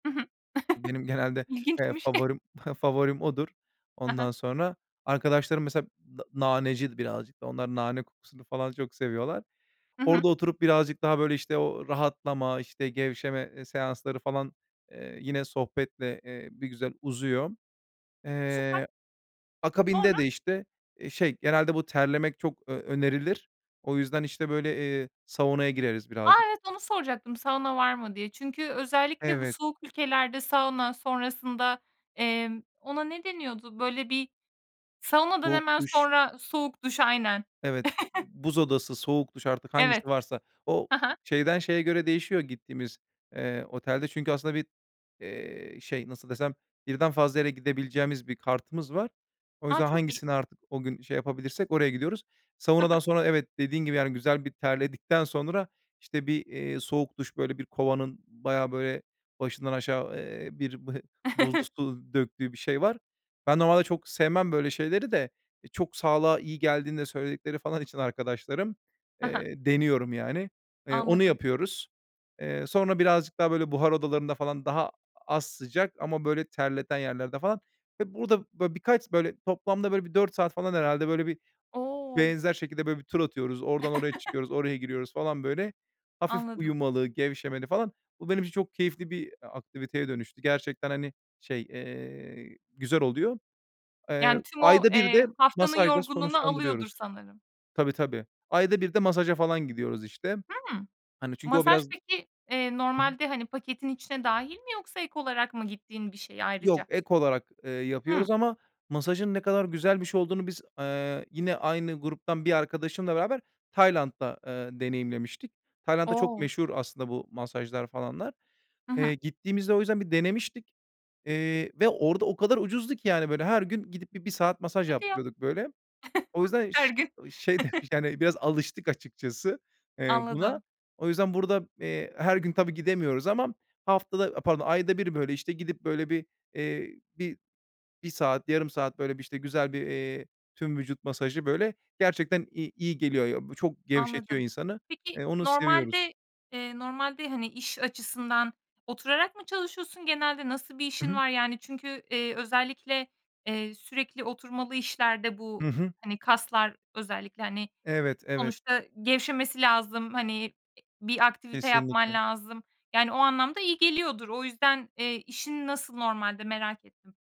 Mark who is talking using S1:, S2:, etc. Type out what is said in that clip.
S1: Hı hı.
S2: Benim genelde, eee,
S1: İlginçmiş.
S2: favorim favorim odur.
S1: Hı hı.
S2: Ondan sonra, arkadaşlarım mesela na naneci birazcık daha, onlar nane kokusunu falan çok seviyorlar.
S1: Hı hı.
S2: Orada oturup birazcık daha, böyle, işte, o rahatlama, işte, gevşeme, eee, seansları falan, eee, yine sohbetle, eee, bir güzel uzuyor.
S1: Süper.
S2: Eee,
S1: Sonra?
S2: akabinde de, işte, eee, şey, genelde bu terlemek çok, eee, önerilir. O yüzden, işte, böyle, eee, saunaya gireriz
S1: A!
S2: birazcık.
S1: Evet onu soracaktım, sauna var mı diye. Çünkü özellikle bu
S2: Evet.
S1: soğuk ülkelerde sauna sonrasında, emm, ona ne deniyordu? Böyle, bir saunadan
S2: Soğuk
S1: hemen
S2: duş.
S1: sonra Soğuk duş, aynen.
S2: Evet. Buz odası, soğuk duş, artık
S1: Evet.
S2: hangisi varsa. O
S1: Ha ha.
S2: şeyden şeye göre değişiyor, gittiğimiz, eee, otelde çünkü aslında bir, eee, şey, nasıl desem, birden fazla yere gidebileceğimiz bir kartımız var. O
S1: A,
S2: yüzden
S1: çok iyi.
S2: hangisini artık o gün şey yapabilirsek oraya gidiyoruz.
S1: Hı
S2: Saunadan
S1: hı.
S2: sonra evet, dediğin gibi, yani, güzel bir terledikten sonra, işte, bir, eee, soğuk duş, böyle, bir kovanın bayağı, böyle, başından aşağı, eee, bir b buzlu su döktüğü bir şey var. Ben normalde çok sevmem böyle şeyleri de, e, çok sağlığa iyi geldiğini de söyledikleri falan için arkadaşlarım,
S1: Hı hı.
S2: eee, deniyorum, yani. Eee, onu
S1: Anladım.
S2: yapıyoruz. Eee, sonra birazcık daha, böyle, buhar odalarında falan daha az sıcak ama, böyle, terleten yerlerde falan ve burada, böyle, birkaç, böyle, toplamda, böyle, bir 4 saat falan herhâlde, böyle, bir
S1: O!
S2: benzer şekilde, böyle bir, tur atıyoruz. Oradan oraya çıkıyoruz, oraya giriyoruz falan, böyle, hafif
S1: Anladım.
S2: uyumalı, gevşemeli falan. Bu benim için çok keyifli bir, eee, aktiviteye dönüştü. Gerçekten, hani, şey, eee, güzel oluyor. Eee,
S1: Yani, tüm o,
S2: ayda 1 de
S1: eee, haftanın
S2: masajla
S1: yorgunluğunu alıyordur
S2: sonuçlandırıyoruz.
S1: sanırım.
S2: Tabii, tabii. Ayda 1 de masaja falan gidiyoruz, işte.
S1: Hımm?
S2: Hani, çünkü o
S1: Masaj
S2: biraz
S1: peki, eee,
S2: [unintelligible]
S1: normalde, hani, paketin içine dâhil mi yoksa ek olarak mı gittiğin bir şey
S2: Yok,
S1: ayrıca?
S2: ek olarak, eee,
S1: Hıı.
S2: yapıyoruz ama masajın ne kadar güzel bir şey olduğunu biz, eee, yine aynı gruptan bir arkadaşımla beraber Tayland'da, eee, deneyimlemiştik. Tayland'da çok
S1: O!
S2: meşhur aslında bu masajlar falanlar.
S1: Hı hı.
S2: Eee, gittiğimizde o yüzden bir denemiştik. Eee, ve orada o kadar ucuzdu ki yani, böyle, her gün gidip bir 1 saat masaj
S1: Hadi ya!
S2: yaptırıyorduk, böyle. O yüzden ş
S1: Her gün.
S2: ı şey demiş yani biraz alıştık açıkçası, eee, buna.
S1: Anladım.
S2: O yüzden burada, eee, her gün tabii, gidemiyoruz ama haftada a pardon ayda 1 böyle, işte, gidip, böyle, bir, eee, bir 1 saat, yarım saat, böyle, bir, işte, güzel bir, eee, tüm vücut masajı, böyle, gerçekten, i iyi geliyor ya. Çok gevşetiyor
S1: Anladım.
S2: insanı.
S1: Peki
S2: Eee, onu seviyoruz.
S1: normalde eee, normalde, hani, iş açısından, oturarak mı çalışıyorsun genelde? Nasıl bir
S2: Hı
S1: işin
S2: hı.
S1: var? Yani, çünkü, eee, özellikle, eee, sürekli oturmalı işlerde bu,
S2: Hı hı.
S1: hani, kaslar özellikle, hani,
S2: Evet, evet.
S1: sonuçta gevşemesi lazım, hani, bir aktivite yapman
S2: Kesinlikle.
S1: lazım. Yani, o anlamda iyi geliyordur. O yüzden, eee, işin nasıl normalde merak ettim.